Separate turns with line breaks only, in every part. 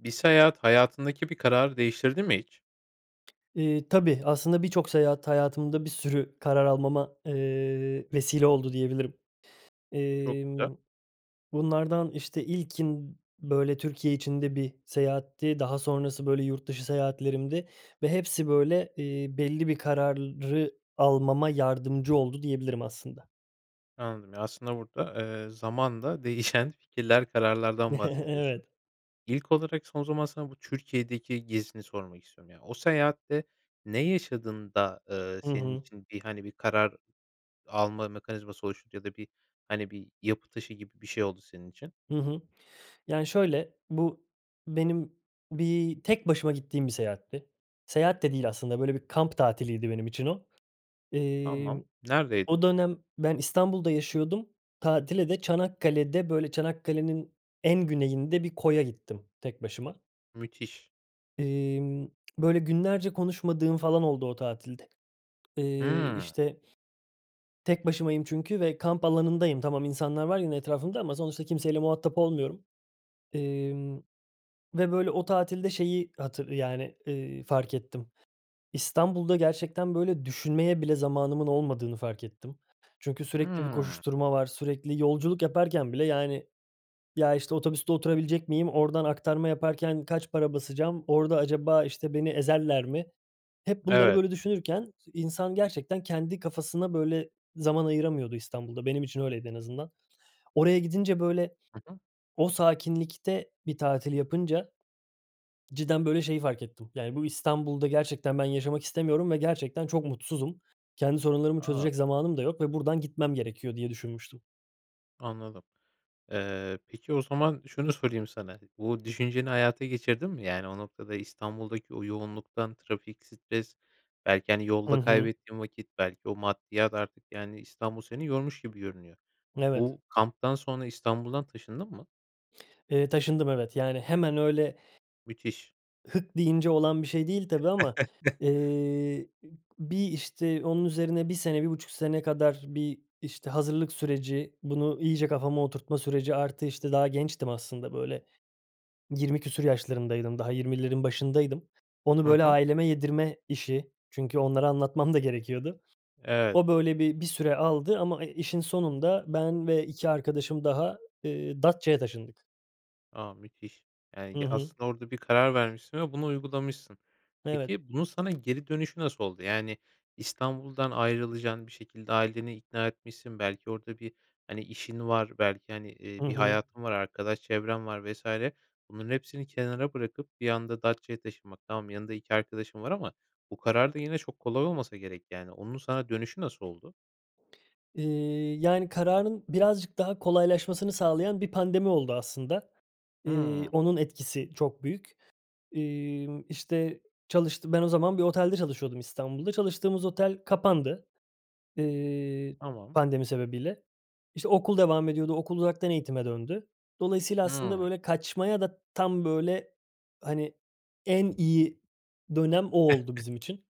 Bir seyahat hayatındaki bir kararı değiştirdi mi hiç?
Eee, tabii. Aslında birçok seyahat, hayatımda bir sürü karar almama, eee, vesile oldu diyebilirim.
Çok güzel.
Emm, bunlardan, işte, ilkin, b böyle, Türkiye içinde bir seyahatti, daha sonrası, böyle, yurt dışı seyahatlerimdi ve hepsi, böyle, eee, belli bir kararı almama yardımcı oldu diyebilirim aslında.
Anladım. Ya, aslında burada, eee, zamanla değişen fikirler, kararlardan bahsediyorsun.
Evet.
İlk olarak, son zaman sana bu Türkiye'deki gezini sormak istiyorum. Ya, o seyahatte ne yaşadın da, ııı,
Hı
senin
hı.
için bir, hani, bir karar alma mekanizması oluşunca da bir, hani, bir yapı taşı gibi bir şey oldu senin için?
Hı hı. Yani, şöyle bu benim bir tek başıma gittiğim bir seyahatti. Seyahat de değil aslında, böyle, bir kamp tatiliydi benim için o.
Tamam.
Emm,
Neredeydi?
o dönem ben İstanbul'da yaşıyordum, tatile de Çanakkale'de, böyle, Çanakkale'nin en güneyinde bir koya gittim tek başıma.
Müthiş.
Emm, böyle, günlerce konuşmadığım falan oldu o tatilde. Eee,
Hımm.
işte, tek başımayım çünkü ve kamp alanındayım. Tamam, insanlar var yine etrafımda ama sonuçta kimseyle muhatap olmuyorum, emm, ve, böyle, o tatilde şeyi hatır yani, eee, fark ettim. İstanbul'da gerçekten, böyle, düşünmeye bile zamanımın olmadığını fark ettim. Çünkü sürekli bir
Hımm.
koşuşturma var, sürekli yolculuk yaparken bile, yani, "Ya, işte, otobüste oturabilecek miyim, oradan aktarma yaparken kaç para basacağım, orada acaba, işte, beni ezerler mi?" Hep bunları
Evet.
böyle düşünürken insan gerçekten kendi kafasına, böyle, zaman ayıramıyordu İstanbul'da, benim için öyleydi en azından. Oraya gidince, böyle,
Hı hı.
o sakinlikte bir tatil yapınca, cidden, böyle, şeyi fark ettim, yani, "Bu İstanbul'da gerçekten ben yaşamak istemiyorum ve gerçekten çok mutsuzum. Kendi sorunlarımı
A.
çözecek zamanım da yok ve buradan gitmem gerekiyor." diye düşünmüştüm.
Anladım. Eee, peki o zaman şunu sorayım sana, bu düşünceni hayata geçirdin mi? Yani, o noktada İstanbul'daki o yoğunluktan, trafik, stres belki, hani,
Hı
yolda
hı.
kaybettiğin vakit belki o maddiyat artık, yani, İstanbul seni yormuş gibi görünüyor.
Evet.
Bu kamptan sonra İstanbul'dan taşındın mı?
Eee, taşındım, evet. Yani, hemen öyle
Müthiş.
hık deyince olan bir şey değil tabii ama, eee, bir, işte, onun üzerine 1 sene, 1,5 sene kadar bir, işte, hazırlık süreci, bunu iyice kafama oturtma süreci artı, işte, daha gençtim aslında, böyle, yirmi küsur yaşlarındaydım, daha 20'lerin başındaydım. Onu,
Hı
böyle,
hı.
aileme yedirme işi çünkü onlara anlatmam da gerekiyordu.
Evet.
O, böyle, bir bir süre aldı ama, e, işin sonunda ben ve 2 arkadaşım daha, eee, Datça'ya taşındık.
A, müthiş. Eee,
Hı
ya,
hı.
aslında orada bir karar vermişsin ve bunu uygulamışsın.
Evet.
Peki, bunun sana geri dönüşü nasıl oldu? Yani, İstanbul'dan ayrılacaksın, bir şekilde aileni ikna etmişsin, belki orada bir, hani, işin var, belki, hani, eee,
Hı
bir
hı.
hayatın var, arkadaş çevren var vs. Bunların hepsini kenara bırakıp bir anda Datça'ya taşınmak Tamam, yanında 2 arkadaşın var ama bu karar da yine çok kolay olmasa gerek, yani, onun sana dönüşü nasıl oldu?
Eee, yani, kararın birazcık daha kolaylaşmasını sağlayan bir pandemi oldu aslında. Eee,
Hımm.
onun etkisi çok büyük. Emm, işte, çalıştı ben o zaman bir otelde çalışıyordum İstanbul'da. Çalıştığımız otel kapandı, eee,
Tamam.
pandemi sebebiyle. İşte, okul devam ediyordu, okul uzaktan eğitime döndü. Dolayısıyla aslında,
Hımm.
böyle, kaçmaya da tam, böyle, hani, en iyi dönem o oldu bizim için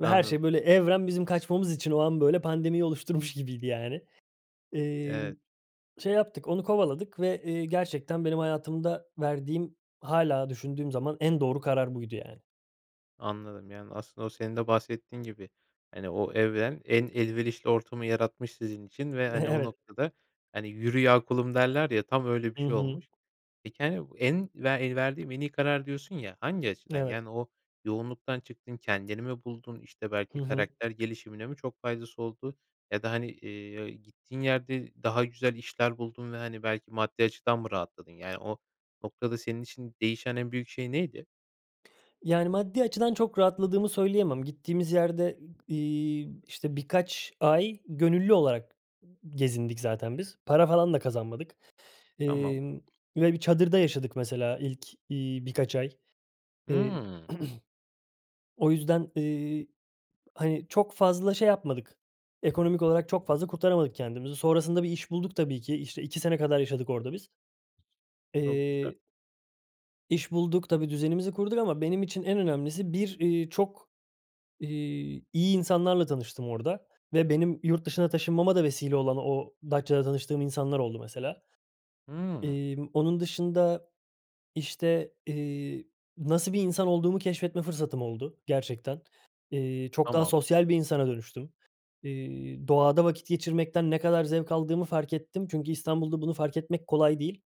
ve her şey,
Anladım.
böyle, evren bizim kaçmamız için o an, böyle, pandemiyi oluşturmuş gibiydi, yani. Emm,
Evet.
şey yaptık, onu kovaladık ve, eee, gerçekten benim hayatımda verdiğim, hâlâ düşündüğüm zaman en doğru karar buydu, yani.
Anladım. Yani, aslında, o senin de bahsettiğin gibi, hani, o evren en elverişli ortamı yaratmış sizin için ve, hani, o
Evet.
noktada, hani, “Yürü ya kulum!” derler, ya, tam öyle bir
Hı
şey
hı.
olmuş. Peki, hani, en ve el verdiğim “en iyi karar” diyorsun, ya, hangi açıdan?
Evet.
Yani, o yoğunluktan çıktın, kendini mi buldun? İşte,
Hı
belki,
hı.
karakter gelişimine mi çok faydası oldu ya da, hani, eee ı gittiğin yerde daha güzel işler buldun ve, hani, belki, maddi açıdan mı rahatladın? Yani, o noktada senin için değişen en büyük şey neydi?
Yani, maddi açıdan çok rahatladığımı söyleyemem. Gittiğimiz yerde, ı iii, işte, birkaç ay gönüllü olarak, ımm, gezindik zaten biz. Para falan da kazanmadık.
Tamam.
Emm, ve bir çadırda yaşadık, mesela, ilk, iii, birkaç ay. Eee.
Hımm.
O yüzden, eee, hani, çok fazla şey yapmadık, ekonomik olarak çok fazla kurtaramadık kendimizi. Sonrasında bir iş bulduk tabii ki. İşte, 2 sene kadar yaşadık orada biz.
Çok güzel.
Eee iş bulduk, tabii, düzenimizi kurduk ama benim için en önemlisi bir, eee, çok, iii, iyi insanlarla tanıştım orada ve benim yurt dışına taşınmama da vesile olan o Datça'da tanıştığım insanlar oldu, mesela.
Hımm.
Emm, onun dışında, işte, eee, nasıl bir insan olduğumu keşfetme fırsatım oldu gerçekten. Eee, çok daha
Tamam.
sosyal bir insana dönüştüm. Eee, doğada vakit geçirmekten ne kadar zevk aldığımı fark ettim çünkü İstanbul'da bunu fark etmek kolay değil,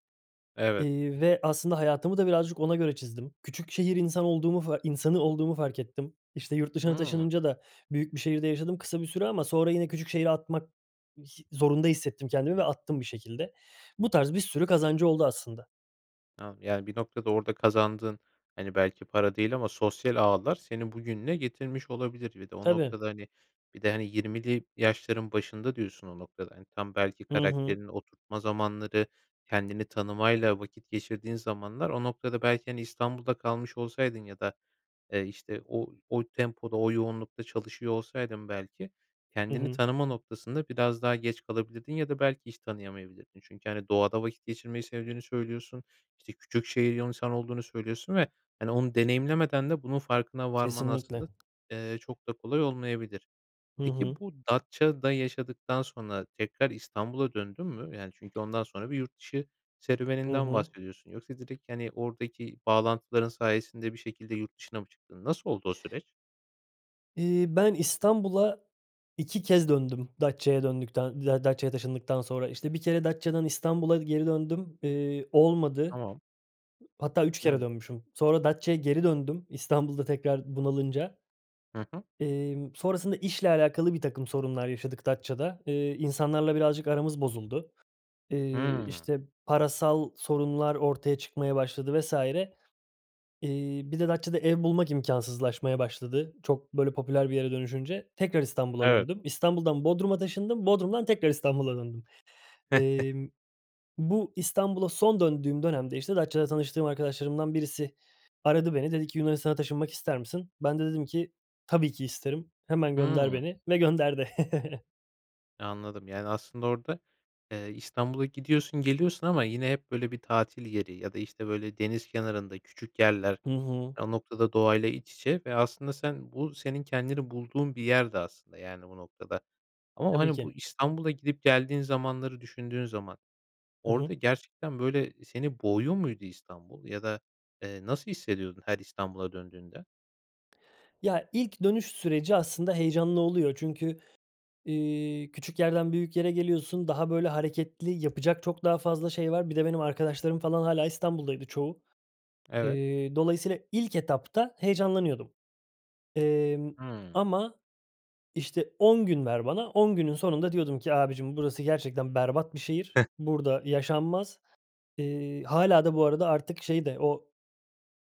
Evet.
eee, ve, aslında, hayatımı da birazcık ona göre çizdim. Küçük şehir insan olduğumu, fa insanı olduğumu fark ettim. İşte, yurt dışına
Hımm.
taşınınca da büyük bir şehirde yaşadım kısa bir süre ama sonra yine küçük şehri atmak, hi zorunda hissettim kendimi ve attım bir şekilde. Bu tarz bir sürü kazancı oldu, aslında.
Anladım. Yani, bir noktada orada kazandığın, hani, belki, para değil ama sosyal ağlar seni bugününe getirmiş olabilir. Bir de o
Tabii.
noktada, hani, bir de, hani, 20'li yaşların başında diyorsun o noktada. Hani, tam, belki,
Hı hı.
karakterini oturtma zamanları, kendini tanımayla vakit geçirdiğin zamanlar o noktada, belki, hani, İstanbul'da kalmış olsaydın ya da, eee, işte, o o tempoda, o yoğunlukta çalışıyor olsaydın, belki,
Hı
kendini
hı.
tanıma noktasında biraz daha geç kalabilirdin ya da, belki, hiç tanıyamayabilirdin. Çünkü, hani, doğada vakit geçirmeyi sevdiğini söylüyorsun, işte, küçük şehir [unintelligible] insanı olduğunu söylüyorsun ve, hani, onu deneyimlemeden de bunun farkına varman,
Kesinlikle.
aslında, eee, çok da kolay olmayabilir.
Hı
Peki,
hı.
bu Datça'da yaşadıktan sonra tekrar İstanbul'a döndün mü? Yani, çünkü ondan sonra bir yurt dışı
Hı
serüveninden
hı.
bahsediyorsun. Yoksa direkt, hani, oradaki bağlantıların sayesinde bir şekilde yurt dışına mı çıktın? Nasıl oldu o süreç?
Eee, ben İstanbul'a 2 kez döndüm Datça'ya döndükten ya Datça'ya taşındıktan sonra. İşte, 1 kere Datça'dan İstanbul'a geri döndüm, eee, olmadı.
Tamam.
Hatta 3 kere
Hımm.
dönmüşüm. Sonra Datça'ya geri döndüm İstanbul'da tekrar bunalınca
Hı hı.
emm, sonrasında işle alakalı birtakım sorunlar yaşadık Datça'da. Eee, insanlarla birazcık aramız bozuldu. Eee,
Hımm.
işte, parasal sorunlar ortaya çıkmaya başladı vs. Eee, bir de Datça'da ev bulmak imkânsızlaşmaya başladı. Çok, böyle, popüler bir yere dönüşünce, tekrar İstanbul'a
Evet.
döndüm. İstanbul'dan Bodrum'a taşındım, Bodrum'dan tekrar İstanbul'a döndüm. Emm, bu İstanbul'a son döndüğüm dönemde, işte, Datça'da tanıştığım arkadaşlarımdan birisi aradı beni, dedi ki Yunanistan'a taşınmak ister misin? Ben de dedim ki tabii ki isterim. Hemen gönder
Hımm.
beni ve gönderdi.
Anladım. Yani, aslında orada, eee, İstanbul'a gidiyorsun, geliyorsun ama yine hep böyle bir tatil yeri ya da, işte, böyle deniz kenarında küçük yerler
Hı hı.
o noktada doğayla iç içe ve aslında sen bu senin kendini bulduğun bir yerdi aslında, yani, o noktada. Ama,
Tabii
hani, bu
ki.
İstanbul'a gidip geldiğin zamanları düşündüğün zaman,
Hı
orada
hı.
gerçekten, böyle, seni boğuyor muydu İstanbul ya da, eee, nasıl hissediyordun her İstanbul'a döndüğünde?
Ya, ilk dönüş süreci aslında heyecanlı oluyor. Çünkü, eee, küçük yerden büyük yere geliyorsun. Daha böyle hareketli yapacak çok daha fazla şey var. Bir de benim arkadaşlarım falan hâlâ İstanbul'daydı çoğu.
Evet.
Eee, dolayısıyla ilk etapta heyecanlanıyordum. Emm,
Hıı.
ama, işte, 10 gün ver bana, 10 günün sonunda diyordum ki "Abiciğim, burası gerçekten berbat bir şehir, burada yaşanmaz." Eee, hâlâ da bu arada artık şey de o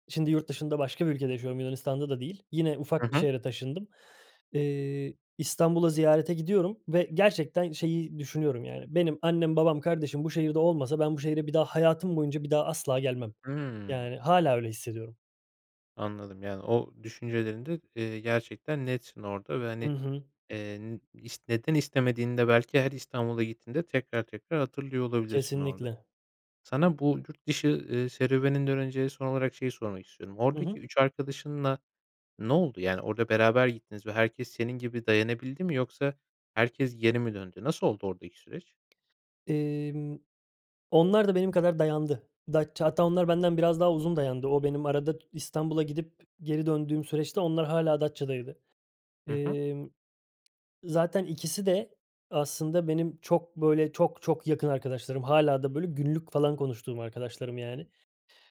şimdi yurt dışında başka bir ülkede yaşıyorum Yunanistan'da da değil, yine
Hı
ufak bir
hı.
şehre taşındım. Eee, İstanbul'a ziyarete gidiyorum ve gerçekten şeyi düşünüyorum, yani, benim annem, babam, kardeşim bu şehirde olmasa ben bu şehre bir daha hayatım boyunca bir daha asla gelmem.
Hıı.
Yani, hâlâ öyle hissediyorum.
Anladım. Yani, o düşüncelerinde, eee, gerçekten netsin orada ve
Hı
hani,
hı.
eee, n ist neden istemediğinde belki her İstanbul'a gittiğinde tekrar tekrar hatırlıyor olabilirsin orada.
Kesinlikle.
Sana bu yurt dışı, eee, serüveninden önce son olarak şeyi sormak istiyorum.
Hı
Oradaki
hı.
3 arkadaşınla ne oldu? Yani, orada beraber gittiniz ve herkes senin gibi dayanabildi mi yoksa herkes geri mi döndü? Nasıl oldu oradaki süreç?
Emm. Onlar da benim kadar dayandı. Datça, hatta onlar benden biraz daha uzun dayandı. O, benim arada İstanbul'a gidip geri döndüğüm süreçte onlar hâlâ Datça'daydı.
Hı hı.
Emm, zaten ikisi de aslında benim çok böyle çok çok yakın arkadaşlarım, hâlâ da böyle günlük falan konuştuğum arkadaşlarım yani.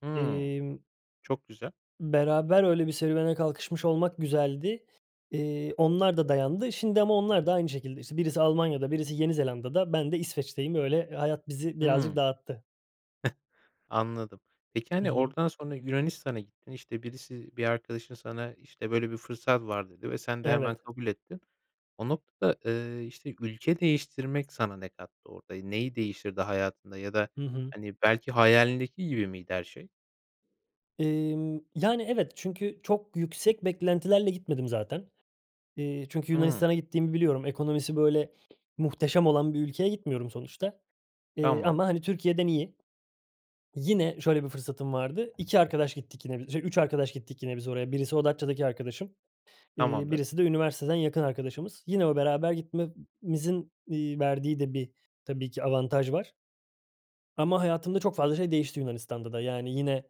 Hıı.
Emm
Çok güzel.
beraber öyle bir serüvene kalkışmış olmak güzeldi. Eee, onlar da dayandı. Şimdi ama onlar da aynı şekilde, işte, birisi Almanya'da birisi Yeni Zelanda'da, ben de İsveç'teyim. Öyle hayat bizi birazcık
Hıı.
dağıttı.
Anladım. Peki,
Hı
hani,
hı.
oradan sonra Yunanistan'a gittin, işte, birisi bir arkadaşın sana, işte, böyle bir fırsat var, dedi ve sen de hemen
Evet.
kabul ettin. O noktada, eee, işte, ülke değiştirmek sana ne kattı? Orada neyi değiştirdi hayatında ya da,
Hı hı.
hani, belki hayalindeki gibi miydi her şey?
Emm. Yani, evet, çünkü çok yüksek beklentilerle gitmedim zaten. Eee, çünkü
Hıı.
Yunanistan'a gittiğimi biliyorum. Ekonomisi böyle muhteşem olan bir ülkeye gitmiyorum sonuçta. Eee,
Tamam.
ama, hani, Türkiye'den iyi. Yine şöyle bir fırsatım vardı, 2 arkadaş gittik yine, şe 3 arkadaş gittik yine biz oraya. Birisi o Datça'daki arkadaşım, eee,
Tamamdır.
birisi de üniversiteden yakın arkadaşımız. Yine o beraber gitmemizin, iii, verdiği de bir tabii ki avantaj var ama hayatımda çok fazla şey değişti Yunanistan'da da. Yani, yine,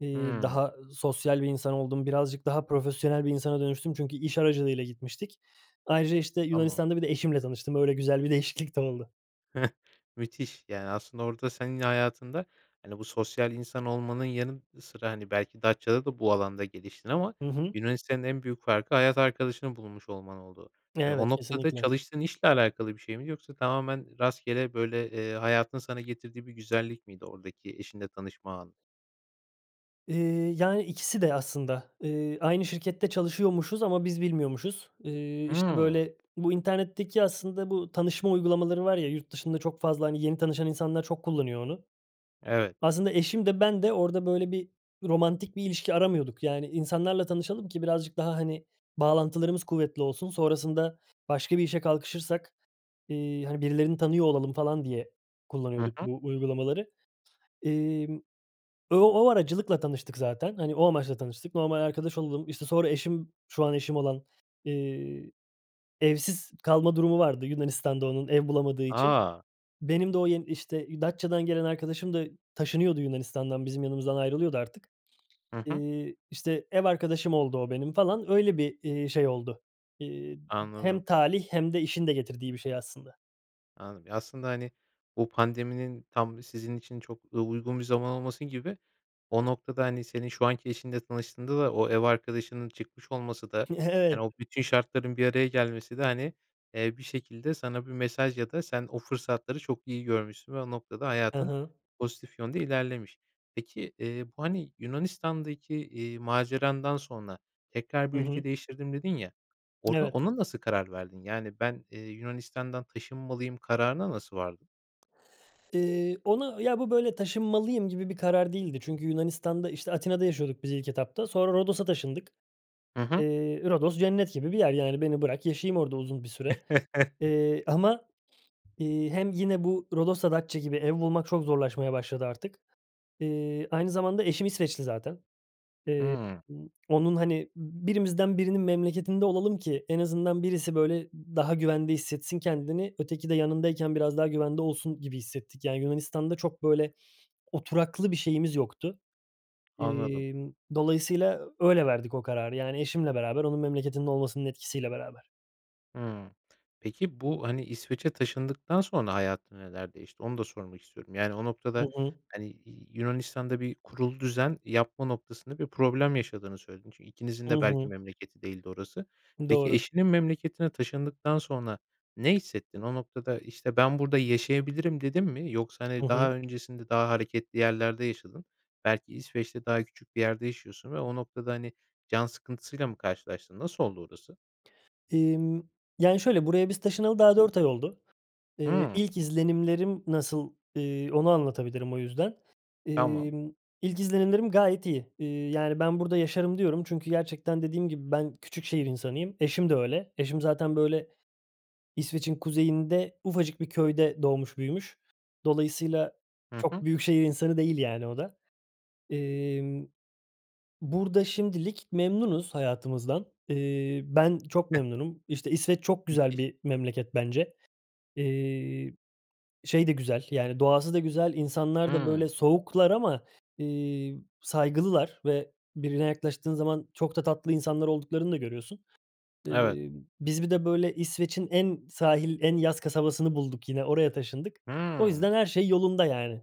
eee,
Hıı.
daha sosyal bir insan oldum, birazcık daha profesyonel bir insana dönüştüm çünkü iş aracılığıyla gitmiştik. Ayrıca, işte,
Tamam.
Yunanistan'da bir de eşimle tanıştım. Öyle, güzel bir değişiklik de oldu.
Müthiş. Yani, aslında orada sen hayatında, hani, bu sosyal insan olmanın yanı sıra, hani, belki Datça'da da bu alanda geliştin ama
Hı hı.
Yunanistan'ın en büyük farkı, hayat arkadaşını bulmuş olman oldu. Yani, o
Evet.
noktada
Kesinlikle.
çalıştığın işle alakalı bir şey miydi yoksa tamamen rastgele böyle, eee, hayatın sana getirdiği bir güzellik miydi oradaki eşinle tanışma anı?
Eee, yani, ikisi de aslında. Eee, aynı şirkette çalışıyormuşuz ama biz bilmiyormuşuz. Eee, işte,
Hımm.
böyle, bu internetteki aslında bu tanışma uygulamaları var ya, yurt dışında çok fazla, hani, yeni tanışan insanlar çok kullanıyor onu.
Evet.
Aslında eşim de ben de orada, böyle, bir romantik bir ilişki aramıyorduk, yani, insanlarla tanışalım ki birazcık daha, hani, bağlantılarımız kuvvetli olsun, sonrasında başka bir işe kalkışırsak, eee, hani, birilerini tanıyor olalım falan, diye
Hı
kullanıyorduk
hı.
bu uygulamaları. Emm, ö o aracılıkla tanıştık zaten. Hani, o amaçla tanıştık. Normal arkadaş olalım, işte, sonra eşim, şu an eşim olan, eee, evsiz kalma durumu vardı, Yunanistan'da onun, ev bulamadığı için.
A!
Benim de o yen işte, Datça'dan gelen arkadaşım da taşınıyordu Yunanistan'dan bizim yanımızdan ayrılıyordu artık.
Hı hı.
Eee, işte ev arkadaşım oldu o benim falan, öyle bir, eee, şey oldu. Eee,
Anladım.
hem talih hem de işin de getirdiği bir şey aslında.
Anladım. Ya, aslında, hani, bu pandeminin tam sizin için çok, eee, uygun bir zaman olması gibi, o noktada, hani, senin şu anki eşinle tanıştığında da o ev arkadaşının çıkmış olması da, hani,
Evet.
o bütün şartların bir araya gelmesi de, hani, eee, bir şekilde sana bir mesaj ya da sen o fırsatları çok iyi görmüşsün ve o noktada
Hı
hayatın
hı.
pozitif yönde ilerlemiş. Peki, eee, bu, hani, Yunanistan'daki, eee, macerandan sonra tekrar bir
Hı hı.
ülke değiştirdim dedin ya, orada
Evet.
ona nasıl karar verdin? Yani ben, eee, Yunanistan'dan taşınmalıyım kararına nasıl vardın?
İii, ona, ya, bu, böyle, “taşınmalıyım” gibi bir karar değildi. Çünkü Yunanistan'da, işte, Atina'da yaşıyorduk biz ilk etapta. Sonra Rodos'a taşındık.
Hı hı.
Eee, Rodos cennet gibi bir yer, yani beni bırak, yaşayayım orada uzun bir süre, eee, ama, iii, hem yine bu Rodos da Datça gibi ev bulmak çok zorlaşmaya başladı artık. İii, aynı zamanda eşim İsveçli zaten. Eee,
Hıı.
b onun, hani, “Birimizden birinin memleketinde olalım ki en azından birisi, böyle, daha güvende hissetsin kendini, öteki de yanındayken biraz daha güvende olsun.” gibi hissettik, yani, Yunanistan'da çok, böyle, oturaklı bir şeyimiz yoktu.
Anladım.
İmm, dolayısıyla öyle verdik o kararı, yani, eşimle beraber, onun memleketinde olmasının etkisiyle beraber.
Hıı. Peki bu, hani, İsveç'e taşındıktan sonra hayatında neler değişti, onu da sormak istiyorum. Yani, o
Hı
noktada,
hı.
hani, Y Yunanistan'da bir kurulu düzen yapma noktasında bir problem yaşadığını söyledin. Çünkü ikinizin
Hı
de belki
hı.
memleketi değildi orası. Peki,
Doğru.
eşinin memleketine taşındıktan sonra ne hissettin? O noktada, işte, “Ben burada yaşayabilirim.” dedin mi yoksa,
Hı
hani,
hı.
daha öncesinde daha hareketli yerlerde yaşadın. Belki, İsveç'te daha küçük bir yerde yaşıyorsun ve o noktada, hani, can sıkıntısıyla mı karşılaştın? Nasıl oldu orası?
İmm, yani, şöyle, buraya biz taşınalı daha 4 ay oldu. İii,
Hıı.
ilk izlenimlerim nasıl, iii, onu anlatabilirim o yüzden.
Tamam.
İmm, ilk izlenimlerim gayet iyi. İii, yani, “Ben burada yaşarım.” diyorum çünkü gerçekten dediğim gibi ben küçük şehir insanıyım. Eşim de öyle. Eşim zaten, böyle, İsveç'in kuzeyinde ufacık bir köyde doğmuş büyümüş. Dolayısıyla
Hı
çok
hı.
büyük şehir insanı değil yani o da. İmm, burada şimdilik memnunuz hayatımızdan. İii, ben çok
[unintelligible]
memnunum. İşte, İsveç çok güzel
Müthiş.
bir memleket bence. İii, şey de güzel, yani doğası da güzel, insanlar da, böyle,
Hıı.
soğuklar ama, iii, saygılılar ve birine yaklaştığın zaman çok da tatlı insanlar olduklarını da görüyorsun.
Evet.
İii, biz bir de, böyle, İsveç'in en sahil, en yaz kasabasını bulduk yine, oraya taşındık. O
Hıı.
yüzden her şey yolunda, yani.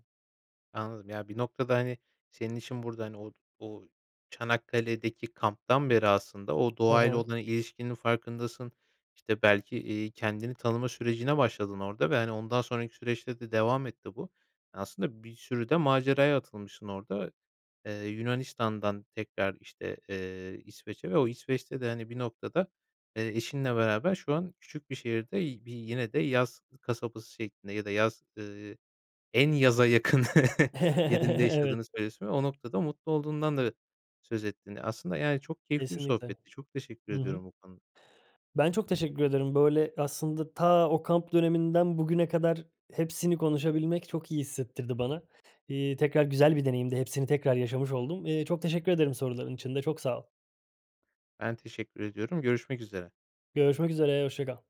Anladım, ya, bir noktada, hani, senin işin burada, hani, o o Çanakkale'deki kamptan beri aslında, o
Hı
doğayla
hı.
olan ilişkinin farkındasın. İşte, belki, iii, kendini tanıma sürecine başladın orada ve, hani, ondan sonraki süreçte de devam etti bu. Aslında, bir sürü de maceraya atılmışsın orada, eee, Yunanistan'dan tekrar, işte, eee, İsveç'e ve o İsveç'te de, hani, bir noktada, eee, eşinle beraber şu an küçük bir şehirde, y bir yine de yaz kasabası şeklinde ya da yaz, ııı, en yaza yakın yerinde yaşadığını
Evet.
söylüyorsun ve o noktada mutlu olduğundan da söz ettin. Aslında, yani, çok keyifli bir
Kesinlikle,
sohbetti, çok teşekkür
hı hı.
ediyorum bu konuda.
Ben çok teşekkür ederim. Böyle, aslında, ta o kamp döneminden bugüne kadar hepsini konuşabilmek çok iyi hissettirdi bana. İii, tekrar güzel bir deneyimdi, hepsini tekrar yaşamış oldum. İii, çok teşekkür ederim soruların için de, çok sağ ol.
Ben teşekkür ediyorum, görüşmek üzere.
Görüşmek üzere, hoşça kal.